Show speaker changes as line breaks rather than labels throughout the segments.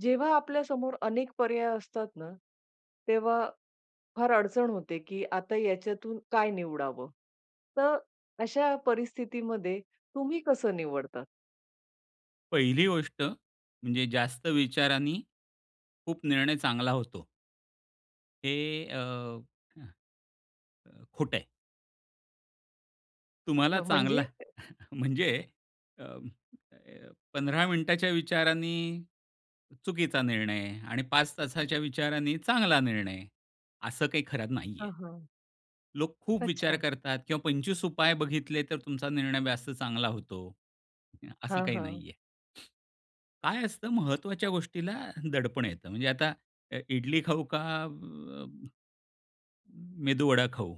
जेव्हा आपल्या समोर अनेक पर्याय असतात ना, तेव्हा फार अडचण होते, की आता याच्यातून काय निवडावं? तर अशा परिस्थितीमध्ये तुम्ही कसं निवडता?
पहिली गोष्ट म्हणजे जास्त विचारानी, खूप निर्णय चांगला होतो हे अ, हं. अ, खोटं आहे. तुम्हाला
हं,
चांगला
म्हणजे?
म्हणजे अं, अ, 15 मिनिटांच्या विचारांनी चुकीचा निर्णय आणि 5 तासाच्या विचारानी चांगला निर्णय, असं काही खरं नाहीये.
हां, हां.
लोक खूप विचार
अच्छा.
करतात किंवा 25 उपाय बघितले, तर तुमचा निर्णय जास्त चांगला होतो अ, असं
हां,
काही
हां.
नाहीये. काय असतं महत्त्वाच्या
[unintelligible]
गोष्टीला दडपण येतं म्हणजे आता अ, इडली खाऊ का, म मेदू वडा खाऊ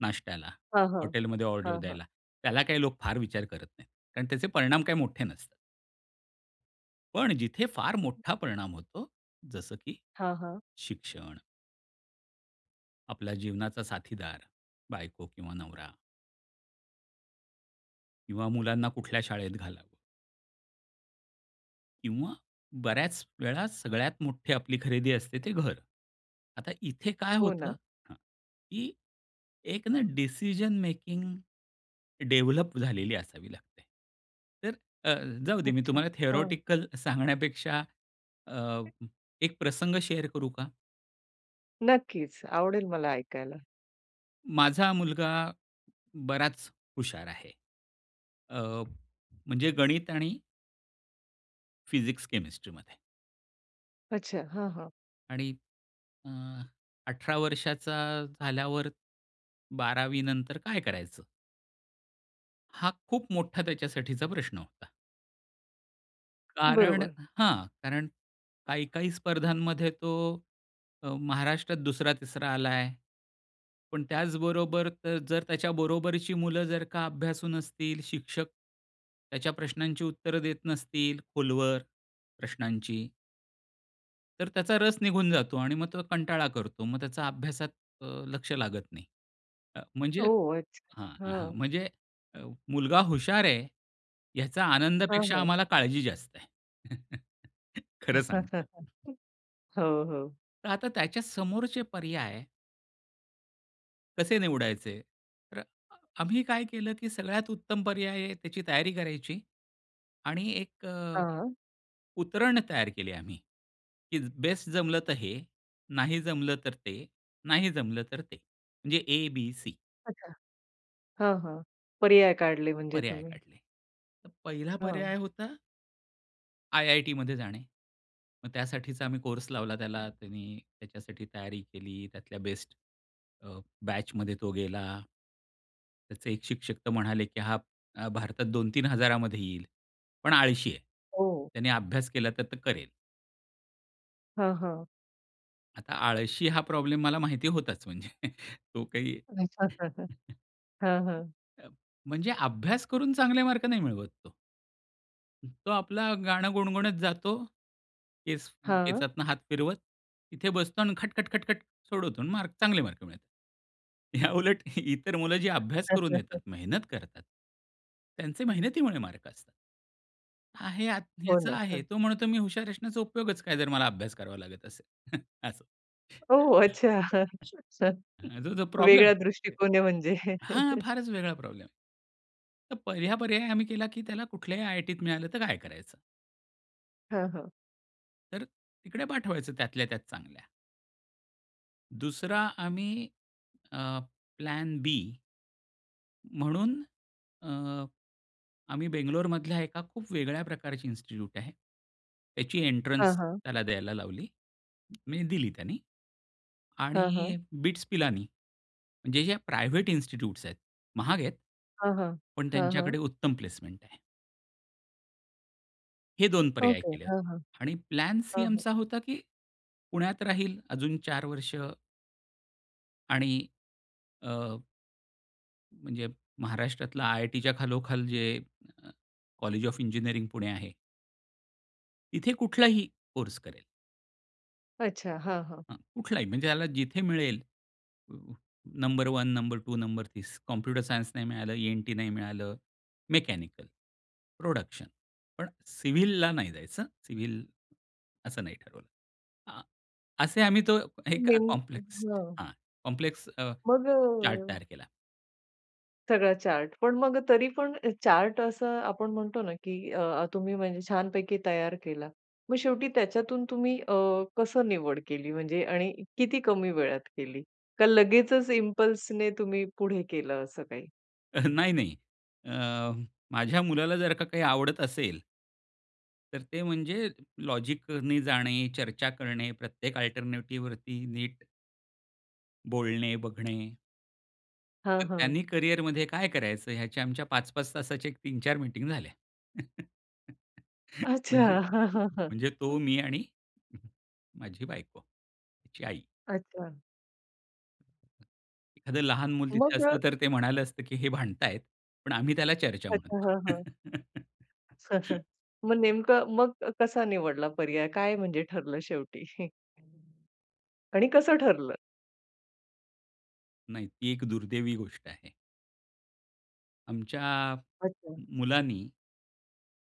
नाष्ट्याला,
हां, हां.
हॉटेलमध्ये ऑर्डर
हां, हां.
द्यायला. त्याला काही लोक फार विचार करत नाहीत, कारण त्याचे परिणाम काही मोठे नसतात. पण जिथे फार मोठा परिणाम होतो, जसं की
हां, हां.
शिक्षण. आपला जीवनाचा साथीदार, बायको किंवा नवरा. किंवा मुलांना कुठल्या शाळेत घाला. किंवा बऱ्याच वेळा सगळ्यात मोठी आपली खरेदी असते ते घर. आता इथे काय
हो,
होतं?
ना.
हां. की एक ना डिसिजन मेकिंग डेवलप झालेली असावी लागते. तर अ, जाऊ दे मी
अच्छा.
तुम्हाला
हां.
थेरोटिकल सांगण्यापेक्षा अ, एक प्रसंग शेअर करू का?
नक्कीच. आवडेल मला ऐकायला.
माझा मुलगा बराच हुशार आहे. अ, म्हणजे गणित आणि फिजिक्स, केमेस्ट्रीमध्ये.
अच्छा हां, हां.
आणि अ, 18 वर्षाचा झाल्यावर 12वी नंतर काय करायचं? हा खूप मोठा त्याच्यासाठीचा प्रश्न होता. कारण
बरोबर.
हां. कारण काही-काही स्पर्धांमध्ये तो अ, महाराष्ट्रात 2रा-3रा आलाय. पण त्याचबरोबर तर जर त्याच्या बरोबरची मुलं जर का अभ्यासू नसतील शिक्षक, त्याच्या प्रश्नांची उत्तरं देत नसतील खोलवर प्रश्नांची, तर त्याचा रस निघून जातो आणि मग तो कंटाळा करतो. मग त्याचा अभ्यासात अ, लक्ष लागत नाही. अ, म्हणजे
ओह! अच्छा
हां, हां
हां.
म्हणजे अ, मुलगा हुशार आहे याचा
हां,
आनंदापेक्षा,
हां.
आम्हाला काळजी जास्त आहे. खर सांगतो.
हो, हो.
तर आता, त्याच्या समोरचे पर्याय कसे निवडायचे? तर अ, आम्ही काय केलं, की सगळ्यात उत्तम पर्याय आहे त्याची तयारी करायची आणि एक अ,
हां.
उतरण तयार केले आम्ही, की बेस्ट जमलं तर हे, नाही जमलं तर ते, नाही जमलं तर ते, म्हणजे ए, बी, सी.
अच्छा. हां, हां, पर्याय काढले म्हणजे
पर्याय
तुम्ही.
काढले. तर 1ला
हं.
पर्याय होता आयआयटीमध्ये जाणे. मग त्यासाठीचा आम्ही कोर्स लावला त्याला, त्यांनी त्याच्यासाठी तयारी केली, त्यातल्या बेस्ट अ, बॅचमध्ये तो गेला. त्याचे एक शिक्षक तर म्हणाले की हां अ, भारतात 2000-3000 येईल. पण आळशी आहे,
हो.
त्याने अभ्यास केला तर तो करेल.
हां, हां
आता आळशी हा प्रॉब्लेम मला माहिती होताच म्हणजे तो काही
[unintelligible] हं,
[unintelligible]
हं.
अ, म्हणजे अभ्यास करून चांगले मार्क नाही मिळवत तो. तो आपला गाणं गुणगुणत जातो, केस
हां.
केसातनं हात फिरवत. इथे बसतो आणि खट-खट-खट-खट सोडवतो आणि मार चांगले मार्क मिळतात. याउलट इतर मुलं जी अभ्यास करून येतात,
[unintelligible]
मेहनत करतात. त्यांचे
हं.
मेहनतीमुळे मार्क असतात. आहे यात,
हो,
याचा
ना.
आहे, तो म्हणतो, मी हुशार असण्याचा उपयोगच काय, जर मला अभ्यास करावा लागत असेल असं.
ओहो! अच्छा हा
[unintelligible] प्रॉब्लेम
वेगळा
[unintelligible]
दृष्टिकोन आहे म्हणजे?
हां, फारच वेगळा प्रॉब्लेम. तर पहिला पर्याय आम्ही केला, की त्याला कुठल्याही आय-आय-टीत मिळालं तर काय करायचं?
हां, हां.
तर तिकडे पाठवायचं, त्यातल्या-त्यात चांगल्या. दुसरा आम्ही अ, प्लॅन बी म्हणून अ, आम्ही बंगलोर मधल्या एका खूप वेगळ्या प्रकारची इन्स्टिट्यूट आहे. त्याची
हां,
एन्ट्रन्स
हां.
त्याला द्यायला लावली, म्हणजे दिली त्याने
हां,
आणि
हां.
बिट्स पिलानी, जे-जे प्रायव्हेट इन्स्टिट्यूट्स आहेत महाग आहेत.
हां, हां,
पण
हां, हां.
त्यांच्याकडे उत्तम प्लेसमेंट आहे. हे 2 पर्याय
ओके.
केले होते
हां, हां,
आणि प्लान सी
हां, हां.
आमचा होता, की पुण्यात राहील अजून 4 वर्ष. आणि अ म्हणजे महाराष्ट्रातलं आयआयटीच्या खालोखाल, जे अ, कॉलेज ऑफ़ इंजिनियरिंग पुणे आहे. इथे कुठलाही कोर्स करेल.
अच्छा. हां, हां.
हं. कुठलाही म्हणजे याला जिथे मिळेल number 1, number 2, number 30 computer science नाही मिळालं, ईएनटी नाही मिळालं, मेकॅनिकल, प्रोडक्शन, पण सिव्हिलला नाही जायचं सिव्हिल असं नाही ठरवलं. हां. असे आम्ही तो एक
नेम
कॉम्प्लेक्स
हां.
हां कॉम्प्लेक्स अ,
मग
चार्ट
अ
तयार केला.
सगळा चार्ट पण मग तरी पण चार्ट असं आपण म्हणतो ना, की अह, तुम्ही म्हणजे छानपैकी तयार केला. मग शेवटी त्याच्यातून तुम्ही अह, कसं निवड केली म्हणजे आणि किती कमी वेळात केली, का लगेचच इंपल्सने तुम्ही पुढे केलं असं काही?
अ, नाही, नाही. अह, माझ्या मुलाला जर का काही आवडत असेल तर ते म्हणजे लॉजिकने जाणे, चर्चा करणे, प्रत्येक अल्टरनेटिव्हवरती नीट बोलणे बघणे.
हां,
तर
हां.
त्यांनी करिअरमध्ये काय करायचं ह्याच्या आमच्या 5-5 तासाच्या एक 3-4 मीटिंग झाल्या.
अच्छा,
म्हणजे
हां, हां, हां.
म्हणजे तो मी आणि माझी बायको, त्याची आई.
अच्छा.
एखादं लहान मुलं तिथे
मग अ,
असतं तर ते म्हणालं असतं, की हे भांडतायत, पण आम्ही त्याला चर्चा
अच्छा,
म्हणतो.
हां, हां. मग नेमकं मग कसा निवडला पर्याय, काय म्हणजे ठरलं शेवटी? आणि कसं ठरलं?
नाही, ती एक दुर्दैवी गोष्ट आहे. आमच्या
अच्छा.
मुलानी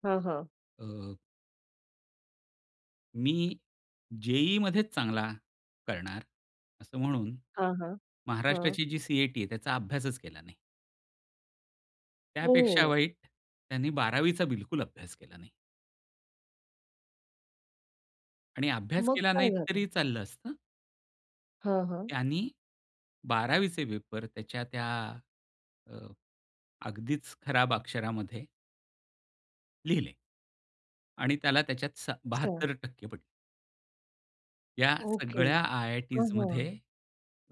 हां, हां.
अ, मी जे-ई मध्येच चांगला करणार असं म्हणून,
हां, हां. हां.
महाराष्ट्राची जी सी-ई-टी आहे, त्याचा अभ्यासच केला नाही. त्यापेक्षा
हो.
वाईट त्यानी 12वी चा बिलकुल अभ्यास केला नाही. आणि अभ्यास
मग
केला नाही
काय झालं?
तरी चाललं असतं.
हां, हां.
त्यांनी बारावीचे पेपर त्याच्या त्या अ, अगदीच खराब अक्षरामध्ये लिहिले. आणि त्याला त्याच्यात सत्त
अच्छा.
72% पडले. या
ओके.
सगळ्या
हां, हां.
आयआयटीजमध्ये,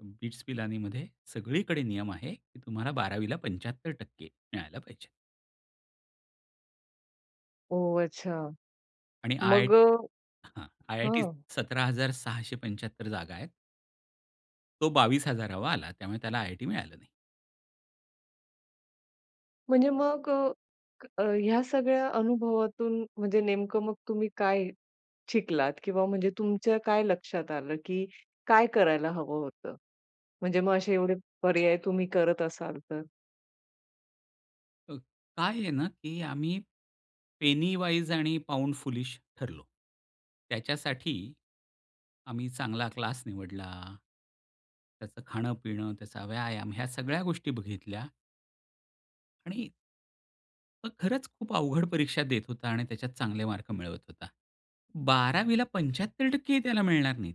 बिट्स पिलानीमध्ये सगळीकडे नियम आहे, की तुम्हाला 12ला 75% मिळायला पाहिजे.
ओह! अच्छा.
आणि आय
मग अ
हां. आयआयटीत
हां.
अ, 17,675 जागा आहेत. तो 22,000वा आला त्यामुळे त्याला आयआयटी मिळाली नाही.
म्हणजे मग अ, ह्या सगळ्या अनुभवातून, म्हणजे नेमकं मग तुम्ही काय शिकलात? किंवा म्हणजे तुमच्या काय लक्षात आलं, की काय करायला हवं होतं? म्हणजे मग असे एवढे पर्याय तुम्ही करत असाल तर?
हं. काय आहे ना, की आम्ही पेनी वाईज आणि पाऊंड फूलिश ठरलो. त्याच्यासाठी आम्ही चांगला क्लास निवडला. त्याचं खाणं-पिणं, त्याचा व्यायाम ह्या सगळ्या गोष्टी बघितल्या. आणि मग खरंच खूप अवघड परीक्षा देत होता आणि त्याच्यात चांगले मार्क मिळवत होता. 12वीला 75% ही त्याला मिळणार नाहीत,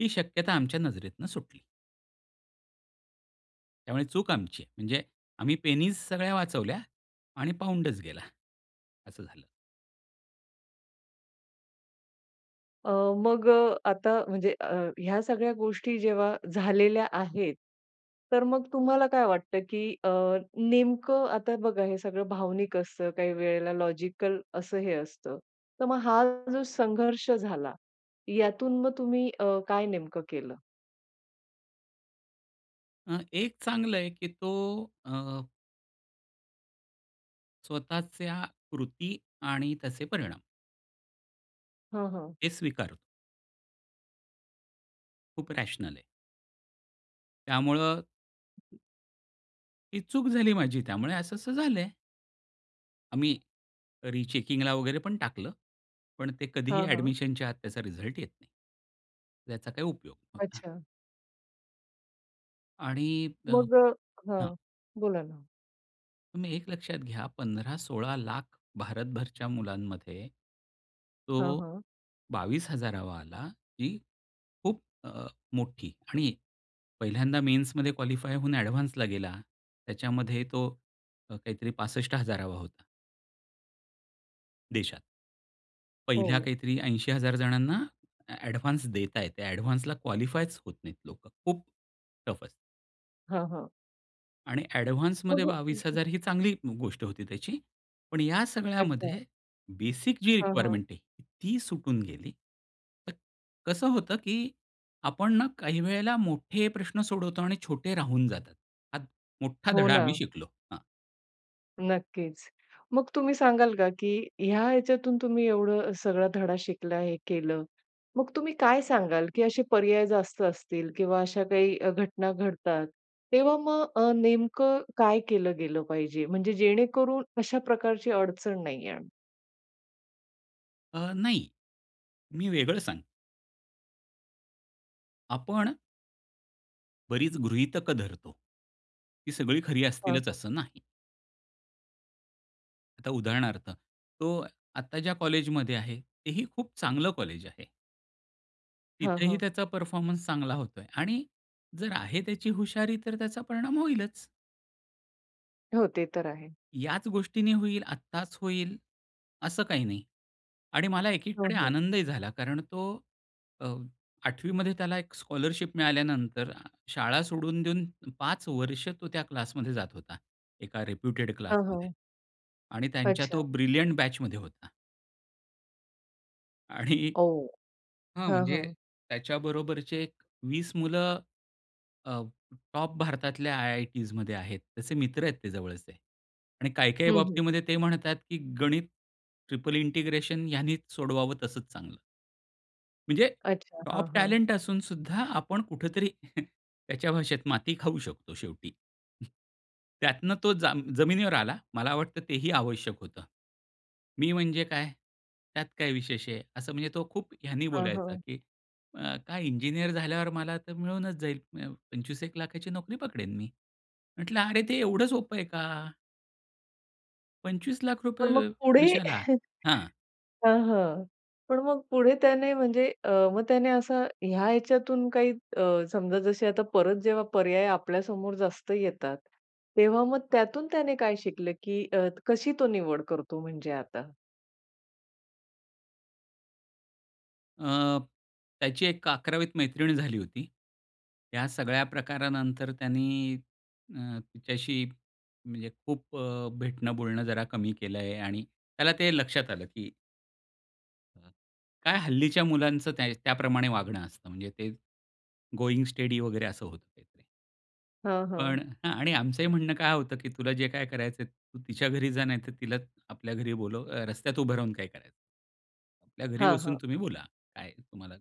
ही शक्यता आमच्या नजरेतून सुटली. त्यामुळे चूक आमची आहे. म्हणजे, आम्ही p सगळ्या वाचवल्या आणि £च गेला. असं झालं.
अ, मग अ, आता म्हणजे अ, ह्या सगळ्या गोष्टी जेव्हा झालेल्या आहेत, तर मग तुम्हाला काय वाटतं, की अ, नेमकं आता बघा हे सगळं भावनिक असतं काही वेळेला लॉजिकल असंही असतं, तर मग हा जो संघर्ष झाला, यातून मग तुम्ही अ, काय नेमकं केलं?
अ, एक चांगलं आहे, की तो अ स्वतःच्या कृती आणि त्याचे परिणाम
हं, हं.
हे स्वीकारतो. खूप रॅशनल आहे. त्यामुळं ही चूक झाली माझी, त्यामुळे असं-असं झालं आहे. आम्ही रिचेकिंगला वगैरे पण टाकलं. पण ते कधीही
हां, हां.
अॅडमिशनच्या आत त्याचा रिझल्ट येत नाही. याचा काही उपयोग नव्हता.
अच्छा.
आणि अ
मग
हां.
हां, बोला ना?
तुम्ही एक लक्षात घ्या 15-16 लाख भारतभरच्या मुलांमध्ये,
हां,
तो
हां.
22 हजारावा आला, ही खूप अ, मोठी आणि पहिल्यांदा मेन्समध्ये क्वालिफाय होऊन अॅडव्हान्सला गेला त्याच्यामध्ये तो काहीतरी 65 हजारावा होता. देशात. पहिल्या
हो.
काहीतरी 80 हजार जणांना अॅडव्हान्स देतायेत. त्या अॅडव्हान्सला क्वालिफायच होत नाहीत लोकं. खूप टफ असतं.
हां, हां.
आणि
हो,
अॅडव्हान्समध्ये
हो.
बावीस
अगदी.
हजार ही चांगली गोष्ट होती त्याची. पण या
अच्छा.
सगळ्यामध्ये बेसिक जी
हां, हां.
रिक्वायरमेंट आहे ती सुटून गेली. कसं होतं की आपण ना काही वेळेला मोठे प्रश्न सोडवतो आणि छोटे राहून जातात. हा मोठा
हो
धडा आम्ही
ना.
शिकलो, हां.
नक्कीच. मग तुम्ही सांगाल का, की ह्या ह्याच्यातून तुम्ही एवढं सगळा धडा शिकला, हे केलं, मग तुम्ही काय सांगाल, की असे पर्याय जास्त असतील किंवा अशा काही घटना घडतात. तेव्हा मग अ, नेमकं काय केलं गेलं पाहिजे? म्हणजे जेणेकरून अशा प्रकारची अडचण नाही येणार?
अ, नाही. मी वेगळं सांग आपण बरीच गृहीतक धरतो. ती सगळी खरी
हां,
असतीलच
हां.
असं नाही. आता उदाहरणार्थ तो आता ज्या कॉलेजमध्ये आहे तेही खूप चांगलं कॉलेज आहे.
हां,
तिथेही
हां.
त्याचा परफॉर्मन्स चांगला होतो आहे. आणि जर आहे त्याची हुशारी तर त्याचा परिणाम होईलच.
हो. ते तर आहे.
याच गोष्टीने होईल, आत्ताच होईल असं काही नाही. आणि मला
हं,
एकीकडे
हं.
आनंदही झाला कारण तो अ, 8वीमध्ये त्याला एक स्कॉलरशिप मिळाल्यानंतर शाळा सोडून देऊन 5 वर्ष तो त्या क्लासमध्ये जात होता, एका रेप्युटेड
हां,
क्लासमध्ये.
हां.
आणि त्यांच्या तो
अच्छा.
ब्रिलियंट बॅचमध्ये होता. आणि
ओह!
हां
हां,
म्हणजे
हां.
त्याच्याबरोबरचे एक 20 मुलं, अ, टॉप भारतातल्या आय-आय-टीजमध्ये आहेत, त्याचे मित्र आहेत ते जवळचे. आणि काही काही
हं, हं.
बाबतीमध्ये ते म्हणतात, की गणित ट्रिपल इंटिग्रेशन ह्यांनीच सोडवावं तसंच चांगलं. म्हणजे
अच्छा. हां,
टॉप
हां.
टॅलेंट असूनसुद्धा, आपण कुठेतरी त्याच्या भाषेत माती खाऊ शकतो शेवटी. त्यातनं तो जा जमिनीवर आला. मला वाटतं तेही आवश्यक होतं. "मी म्हणजे काय? त्यात काय विशेष आहे?" असं म्हणजे तो खूप ह्यानी
हां,
बोलायचा,
हां.
की "अ, काय इंजिनिअर झाल्यावर मला तर मिळूनच जाईल म्य 25-1,00,000ची नोकरी पकडेन मी." म्हटलं, "अरे, ते एवढं सोपं आहे का?" ₹25 लाख
पण मग पुढे
वर्षाला? हां.
हां, हां. पण मग पुढे त्याने म्हणजे अ, मग त्याने असं ह्या ह्याच्यातून काही अ, समजा जसे आता परत जेव्हा पर्याय आपल्यासमोर जास्त येतात. तेव्हा मग त्यातून त्याने काय शिकलं? की अ, कशी तो निवड करतो म्हणजे आता?
अ, त्याची एक 11वीत मैत्रीण झाली होती. या सगळ्या प्रकारानंतर त्यानी अ, तिच्याशी म्हणजे खूप अ, भेटणं बोलणं जरा कमी केलं आहे आणि त्याला ते लक्षात आलं की काय हल्लीच्या मुलांचं त्या त्याप्रमाणे वागणं असतं. म्हणजे ते गोइंग स्टेडी वगैरे असं होतं ते
हां,
पण
हां.
हां, आणि आमचंही म्हणणं काय होतं, की तुला जे काय करायचंय तू तिच्या घरी जा नाहीतर तिलाच आपल्या घरी बोलव रस्त्यात उभं राहून काय कराय आपल्या घरी
हां,
बसून
हां.
तुम्ही बोला, काय तुम्हाला?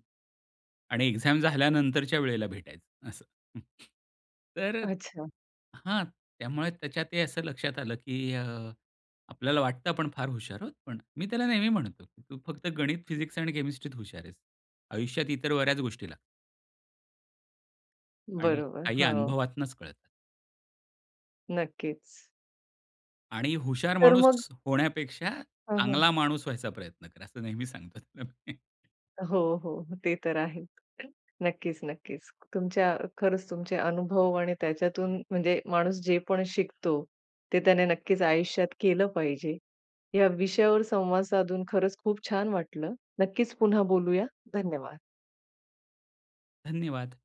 आणि एक्झाम झाल्यानंतरच्या वेळेला भेटायचं असं. हं. तर
अच्छा.
हां, त्यामुळे त्याच्या ते असं लक्षात आलं, की अ, आपल्याला वाटतं आपण फार हुशार आहोत. पण मी त्याला नेहमी म्हणतो, की तू फक्त गणित, फिजिक्स आणि केमिस्ट्रीत हुशार आहेस, आयुष्यात इतर बऱ्याच गोष्टी ला आणि
बरोबर.
काही
हो.
अनुभवातूनच कळतात.
नक्कीच.
आणि हुशार
तर मग?
माणूस होण्यापेक्षा
हां, हां.
चांगला माणूस व्हायचा प्रयत्न करा असं नेहमी सांगत असतो मी.
हो, हो, हो. ते तर आहेच. नक्कीच, नक्कीच. तुमच्या खरंच तुमचे अनुभव आणि त्याच्यातून म्हणजे माणूस जे पण शिकतो, ते त्याने नक्कीच आयुष्यात केलं पाहिजे. या विषयावर संवाद साधून खरंच खूप छान वाटलं. नक्कीच, पुन्हा बोलूया, धन्यवाद!
धन्यवाद!